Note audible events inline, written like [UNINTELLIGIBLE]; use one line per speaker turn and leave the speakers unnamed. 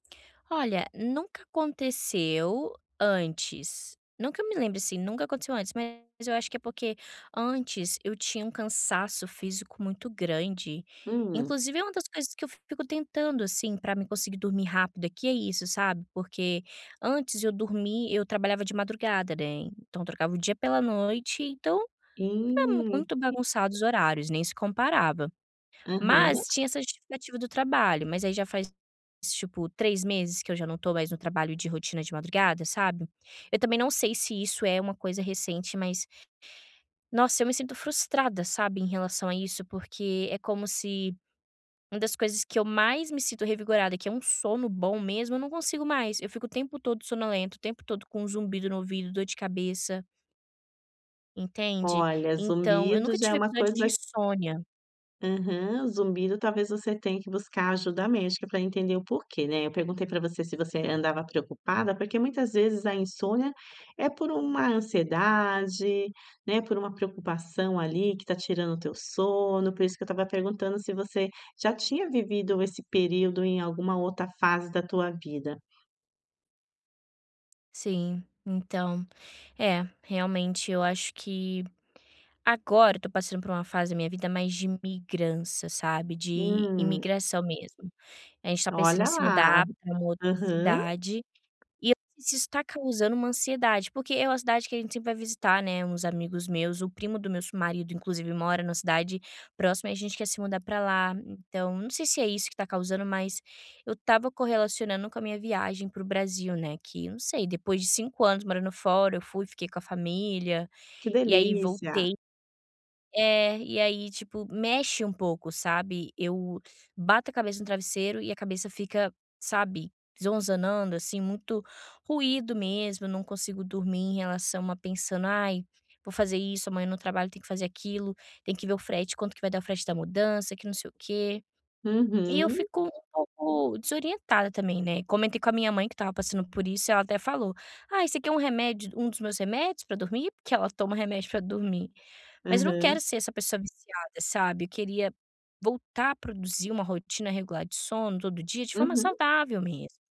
Olha, nunca aconteceu antes, não que eu me lembre, assim, nunca aconteceu antes. Mas, eu acho que é porque antes eu tinha um cansaço físico muito grande,
Hum?
inclusive é uma das coisas que eu fico tentando, assim, para mim conseguir dormir rápido aqui é isso, sabe, porque antes eu dormi eu trabalhava de madrugada, né. Então, trocava o dia pela noite, então ficava
Hum
muito bagunçado
[UNINTELLIGIBLE]
os horários, nem se comparava,
Aham.
mas tinha essa justificativa do trabalho, mas aí já faz, tipo, 3 meses que eu já não tô mais no trabalho de rotina de madrugada, sabe. Eu também não sei se isso é uma coisa recente, mas, nossa, eu me sinto frustrada, sabe, em relação a isso. Porque é como se uma das coisas que eu mais me sinto revigorada que é um sono bom mesmo eu não consigo mais. Eu fico o tempo todo sonolenta o tempo todo com zumbido no ouvido, dor de cabeça. Entende?
Olha,
Então eu
zumbido
nunca
já é
tive
uma
episódio
coisa
de insônia.
Aham. Zumbido, talvez, você tenha que buscar ajuda médica para entender o porquê, né, eu perguntei para você se você andava preocupada porque muitas vezes a insônia é por uma ansiedade, né, por uma preocupação, ali, que está tirando o teu sono, por isso que eu estava perguntando se você já tinha vivido esse período em alguma outra fase da tua vida.
Sim, então, é, realmente eu acho que agora eu estou passando por uma fase da minha vida mais de migrança, sabe, de
Hum.
imigração mesmo. Eh, a gente está pensando em
Olha
se
lá.
mudar para uma outra
Aham.
cidade, e isso está causando uma ansiedade, porque é uma cidade que a gente sempre vai visitar, né, uns amigos meus, o primo do meu su marido, inclusive, ele mora na cidade próxima. E a gente quer se mudar para lá, então não sei se é isso que está causando, mas eu estava correlacionando com a minha viagem para o Brasil, né, que não sei, depois de 5 anos morando fora eu fui, fiquei com a família,
Que
e aí
delícia.
voltei É, e aí, tipo, mexe um pouco, sabe. Eu bato a cabeça no travesseiro e a cabeça fica, sabe, zonzanando, assim, muito ruído mesmo. Não consigo dormir, em relação a pensando: "Ai, vou fazer isso, amanhã no trabalho tem que fazer aquilo, tem que ver o frete, quanto que vai dar o frete da mudança que não sei o quê." E eu
Uhum.
fico um pouco desorientada também, né. Comentei com a minha mãe que estava passando por isso, e ela até falou: "Ai, você quer um remédio um dos meus remédios para dormir?" Porque ela toma remédio para dormir, mas eu não quero
Aham.
ser essa pessoa viciada, sabe. Eu queria voltar a produzir uma rotina regular de sono, todo dia, de forma
Uhum.
saudável mesmo.